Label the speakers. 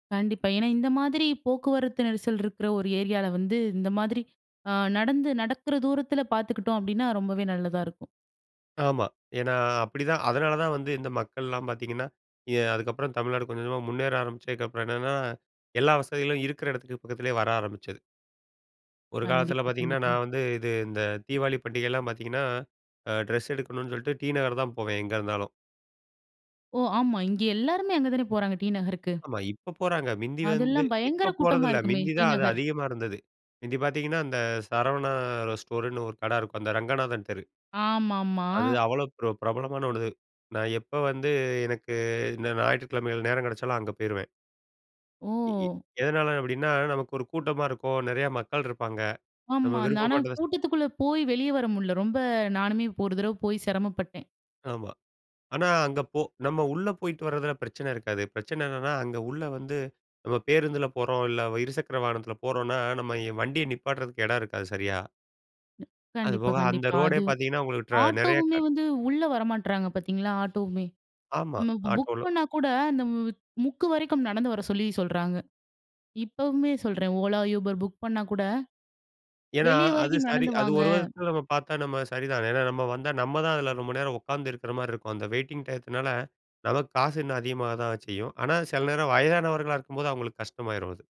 Speaker 1: கண்டிப்பா. ஏன்னா இந்த மாதிரி போக்குவரத்து நெரிசல் இருக்கிற ஒரு ஏரியால வந்து, இந்த மாதிரி அ நடந்து நடக்கிற தூரத்தில பாத்துக்கிட்டோம் அப்படின்னா, ரொம்பவே நல்லதா இருக்கும்.
Speaker 2: ஆமா. ஏன்னா அப்படிதான். அதனால தான் வந்து இந்த மக்கள்லாம் பாத்தீங்கன்னா, எ அதுக்கப்புறம் தமிழ்நாடு கொஞ்ச கொஞ்சமா முன்னேற ஆரம்பிச்சதுக்கப்புறம் என்னன்னா, எல்லா வசதிகளும் இருக்கிற இடத்துக்கு பக்கத்திலயே வர ஆரம்பிச்சது. ஒரு காலத்தில
Speaker 1: கண்டிப்பா,
Speaker 2: பாத்தீங்கன்னா, நான்
Speaker 1: கண்டிப்பா.
Speaker 2: வந்து இது இந்த தீபாவளி பண்டிகைலாம் பாத்தீங்கன்னா, அ ட்ரெஸ் எடுக்கணும்னு சொல்லிட்டு டி நகர் தான் போவேன் எங்க இருந்தாலும்.
Speaker 1: ஓ! ஆமா. இங்க எல்லாருமே அங்க தானே போறாங்க! டீ நகருக்கு.
Speaker 2: ஆமா, இப்ப போறாங்க. மிந்தி வந்து,
Speaker 1: அதெல்லாம் பயங்கர
Speaker 2: இப்ப போறது
Speaker 1: கூட்டமா
Speaker 2: இல்லை.
Speaker 1: இருக்குமே,
Speaker 2: மிந்தி
Speaker 1: டீ
Speaker 2: தான் அது
Speaker 1: நகர்.
Speaker 2: அதிகமா இருந்தது. முந்தி பாத்தீங்கன்னா, அந்த சரவணா ஸ்டோர்ன்னு ஒரு கடை இருக்கும். அந்த ரங்கநாதன் தெரு.
Speaker 1: ஆமாம்மா.
Speaker 2: அது அவ்வளவு பிர பிரபலமான ஒண்ணு. நான் எப்ப வந்து, எனக்கு இந்த ஞாயிற்றுக்கிழமைகள் நேரம் கிடைச்சாலும், அங்க போயிருவேன். எ எ
Speaker 1: ஓ!
Speaker 2: எதனால அப்படின்னா, நமக்கு ஒரு கூட்டமா இருக்கும். நெறையா மக்கள் இருப்பாங்க. நம்ம
Speaker 1: ஆமா அந் ஆனா
Speaker 2: விருப்பப்பட்டதை ஸ்
Speaker 1: கூட்டத்துக்குள்ள போய் வெளிய வர முடில. ரொம்ப நானுமே இப்ப ஒரு தரவை போயி சிரமப்பட்டேன்.
Speaker 2: ஆமா. ஆனா, அங்க போ நம்ம உள்ள போயிட்டு வர்றதில பிரச்சனை இருக்காது. பிரச்சனை என்னான்னா, அங்க உள்ள வந்து, நம்ம பேருந்தில போறோம். இல்ல இருசக்கர வாகனத்தில போறோம்ன்னா, நம்ம வண்டிய நிப்பாட்டுறதுக்கு இடம் இருக்காது சரியா.
Speaker 1: கண்டிப்பா,
Speaker 2: அதுபோக அந்த
Speaker 1: கண்டிப்பா,
Speaker 2: ரோடே
Speaker 1: அது
Speaker 2: பாத்தீங்கன்னா, உங்களுக்கு ட்ரா நிறைய
Speaker 1: ஆட்டோவுமே
Speaker 2: க
Speaker 1: வந்து உள்ள வரமாட்றாங்க பாத்தீங்களா, ஆட்டோவுமே.
Speaker 2: ஆமா.
Speaker 1: நம்ம இப்போ புக்
Speaker 2: ஆட்டோல.
Speaker 1: பண்ணா கூட அந்த மு முக்கு வரைக்கும் நடந்து வர சொல்லி சொல்றாங்க. இப்பவுமே சொல்றேன். ஓலா, யூபர் புக் பண்ணா கூட,
Speaker 2: ஏன்னா
Speaker 1: "வெளிய
Speaker 2: அது
Speaker 1: வரைக்கும்
Speaker 2: சரி,
Speaker 1: நடந்து
Speaker 2: அது ஒரு
Speaker 1: வாங்க"
Speaker 2: விதத்துல நம்ம பாத்தா நம்ம சரிதான். ஏன்னால நம்ம வந்தா, நம்ம தான் அதில ரொம்ப நேரம் உக்காந்து இருக்கிற மாரி இருக்கும். அந்த வெயிட்டிங் டையத்துனால நமக்கு காசு இன்னும் அதிகமாக தான் செய்யும் ஆனா சில நேரம் வயதானவர்களா இருக்கும்போது அவங்களுக்கு கஷ்டமாயிரும் அது.